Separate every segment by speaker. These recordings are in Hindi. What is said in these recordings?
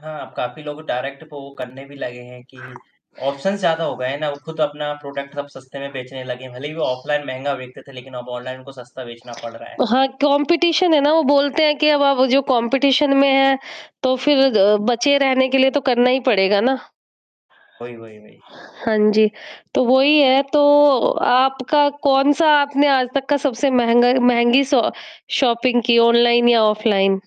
Speaker 1: हाँ, अब काफ़ी लोग डायरेक्ट पो करने भी लगे हैं कि ऑप्शंस ज़्यादा हो गए हैं ना, वो खुद अपना प्रॉडक्ट अब सस्ते में बेचने लगे हैं, भले ही वो ऑफलाइन महँगा बेचते थे, लेकिन अब ऑनलाइन उनको सस्ता बेचना पड़ रहा है।
Speaker 2: हाँ, कॉम्पिटिशन है ना, वो बोलते हैं कि अब आप जो कॉम्पिटिशन में है, तो फिर अ, बचे रहने के लिए तो करना ही पड़ेगा ना।
Speaker 1: वही, वही, वही।
Speaker 2: हाँ जी, तो वही है तो आपका कौन-सा आपने आज तक का सबसे महँगा महँगी सॉ शॉपिंग की, ऑनलाइन या ऑफलाइन?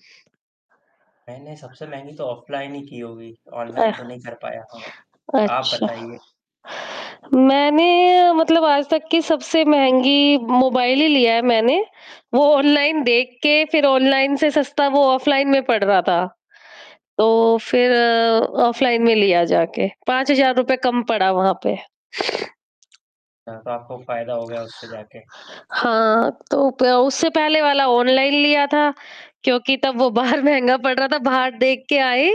Speaker 1: मैंने सबसे महँगी तो ऑफलाइन ही की होगी, ऑनलाइन
Speaker 2: अह,
Speaker 1: तो नहीं कर पाया होऊँगा। आप
Speaker 2: अच्छा।
Speaker 1: बताइए।
Speaker 2: मैंने मतलब आज तक की सबसे महँगी मोबाइल ही लिया है मैंने, वो ऑनलाइन देख के, फिर ऑनलाइन से सस्ता वो ऑफलाइन में पड़ रहा था। तो फिर ऑफलाइन में लिया जाके, 5000 रुपए कम पड़ा वहाँ पे।
Speaker 1: हाँ, तो आपको फ़ायदा हो गया, उससे जाके।
Speaker 2: हाँ, तो प तो उससे पहले वाला ऑनलाइन लिया था, क्योंकि तब वो बाहर महँगा पड़ रहा था। बाहर देख के आए,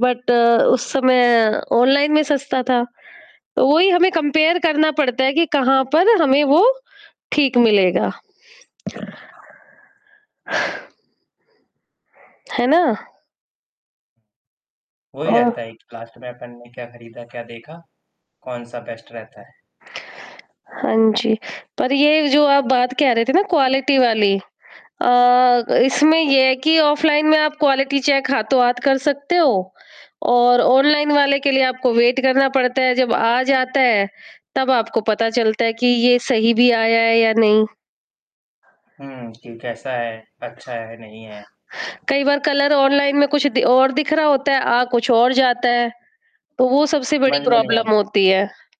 Speaker 2: बट उस समय ऑनलाइन में सस्ता था। तो वही हमें कंपेयर करना पड़ता है कि कहाँ पर हमें वो, ठीक मिलेगा। है ना?
Speaker 1: वही
Speaker 2: अ
Speaker 1: रहता है एक लास्ट में, अपन ने क्या खरीदा, क्या देखा? कौन-सा बेस्ट रहता है।
Speaker 2: हाँ जी, पर ये जो आप बात कह रहे थे ना क्वालिटी वाली अ, ग इसमें ये है कि ऑफलाइन में आप क्वालिटी चेक हाथों-हाथ कर सकते हो, और ऑनलाइन वाले के लिए आपको वेट करना पड़ता है, जब आ जाता है, तब आपको पता चलता है कि ये सही भी आया है या नहीं।
Speaker 1: हुँ, कि कैसा है, अच्छा है, नहीं है।
Speaker 2: कई बार कलर ऑनलाइन में कुछ दि और दिख रहा होता है, आ कुछ और जाता है। तो वो सबसे
Speaker 1: समझ
Speaker 2: बड़ी
Speaker 1: में नहीं आ
Speaker 2: प्रॉब्लम
Speaker 1: रहा।
Speaker 2: होती है।